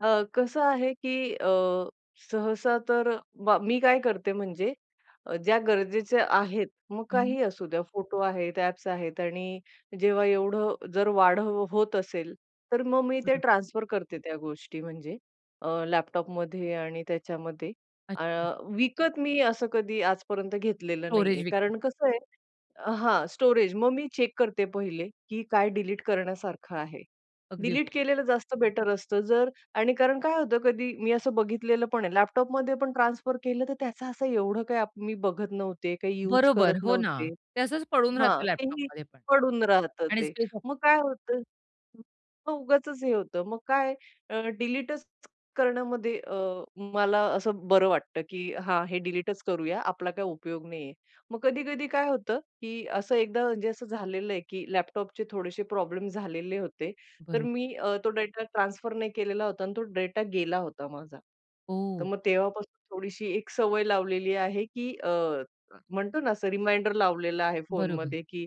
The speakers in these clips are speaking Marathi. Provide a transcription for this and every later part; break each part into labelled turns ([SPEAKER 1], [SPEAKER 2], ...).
[SPEAKER 1] अ, कसं आहे, की अ, सहसा तर बा मी काय करते म्हणजे अ, ज्या गरजेच्या आहेत, मग
[SPEAKER 2] हं.
[SPEAKER 1] काहीही असू द्या फोटो आहेत, ॲप्स आहेत आणि जेव्हा एवढं जर वाढ होत असेल, तर मग मी ते
[SPEAKER 2] बरोबर.
[SPEAKER 1] ट्रान्सफर करते त्या गोष्टी म्हणजे अ, लॅपटॉपमध्ये आणि त्याच्यामध्ये. अ,
[SPEAKER 2] अच्छा.
[SPEAKER 1] विकत मी असं कधी आजपर्यंत घेतलेलं नाहीये.
[SPEAKER 2] स्टोरेज विकतात.
[SPEAKER 1] कारण कसं आहे हां, स्टोरेज मग मी चेक करते पहिले, की काय डिलीट करण्यासारखं आहे.
[SPEAKER 2] अगदी
[SPEAKER 1] डिलीट
[SPEAKER 2] बरो
[SPEAKER 1] केलेलं जास्त बेटर असतं, जर आणि कारण काय होतं, कधी मी असं बघितलेलं पण आहे लॅपटॉपमध्ये पण ट्रान्सफर केलं, तर त्याचा असं एवढं काही मी बघत नव्हते, काही युज
[SPEAKER 2] बरोबर.
[SPEAKER 1] करत
[SPEAKER 2] हो ना,
[SPEAKER 1] नव्हते.
[SPEAKER 2] ते असंच पडून
[SPEAKER 1] हां.
[SPEAKER 2] राहतं
[SPEAKER 1] तेही
[SPEAKER 2] लॅपटॉपमध्ये पण
[SPEAKER 1] पडून राहतं
[SPEAKER 2] आणि
[SPEAKER 1] ते.
[SPEAKER 2] स्पेस
[SPEAKER 1] मग काय होतं, मग उगाचच हे होतं. मग काय, अ, डिलीटच करण्यामध्ये अ, मला असं बरं वाटतं, की "हां, हे डिलीटच करूया, आपला काही उपयोग नाहीये." मग कधी-कधी काय होतं, की असं एकदा म्हणजे असं झालेलं आहे, की लॅपटॉपचे थोडेसे प्रॉब्लेम झालेले होते, तर
[SPEAKER 2] बरो
[SPEAKER 1] मी अ, तो डेटा ट्रान्सफर नाही केलेला होता आणि तो डेटा गेला होता माझा. तर
[SPEAKER 2] हो.
[SPEAKER 1] मग तेव्हापासून थोडीशी एक सवय लावलेली आहे, की अ, म्हणतो ना, असं रिमाइंडर लावलेला आहे
[SPEAKER 2] बरोबर.
[SPEAKER 1] फोनमध्ये, की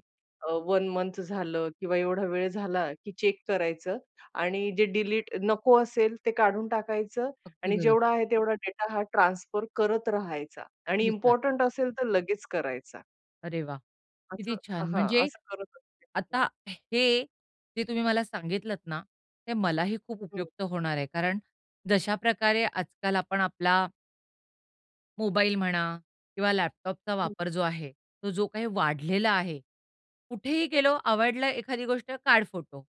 [SPEAKER 1] अ, 1 मंथ झालं किंवा एवढा वेळ झाला, की चेक करायचं आणि जे डिलीट नको असेल, ते काढून टाकायचं
[SPEAKER 2] अगदी
[SPEAKER 1] आणि
[SPEAKER 2] बरो
[SPEAKER 1] जेवढा आहे तेवढा डेटा हा ट्रान्सफर करत राहायचा आणि
[SPEAKER 2] किती छान.
[SPEAKER 1] इम्पोर्टंट असेल, तर लगेच करायचा.
[SPEAKER 2] अरे वाह! किती
[SPEAKER 1] असं
[SPEAKER 2] छान.
[SPEAKER 1] हां,
[SPEAKER 2] म्हणजे
[SPEAKER 1] असं करत [unintelligible]
[SPEAKER 2] आता हे जे तुम्ही मला सांगितलत ना, ते मलाही खूप
[SPEAKER 1] हं.
[SPEAKER 2] उपयुक्त होणार आहे, कारण जश्याप्रकारे आजकाल आपण आपला मोबाईल म्हणा किंवा लॅपटॉपचा
[SPEAKER 1] हं.
[SPEAKER 2] वापर जो आहे, तो जो काही वाढलेला आहे. कुठेही गेलो, आवडला एखादी गोष्ट, काढ फोटो.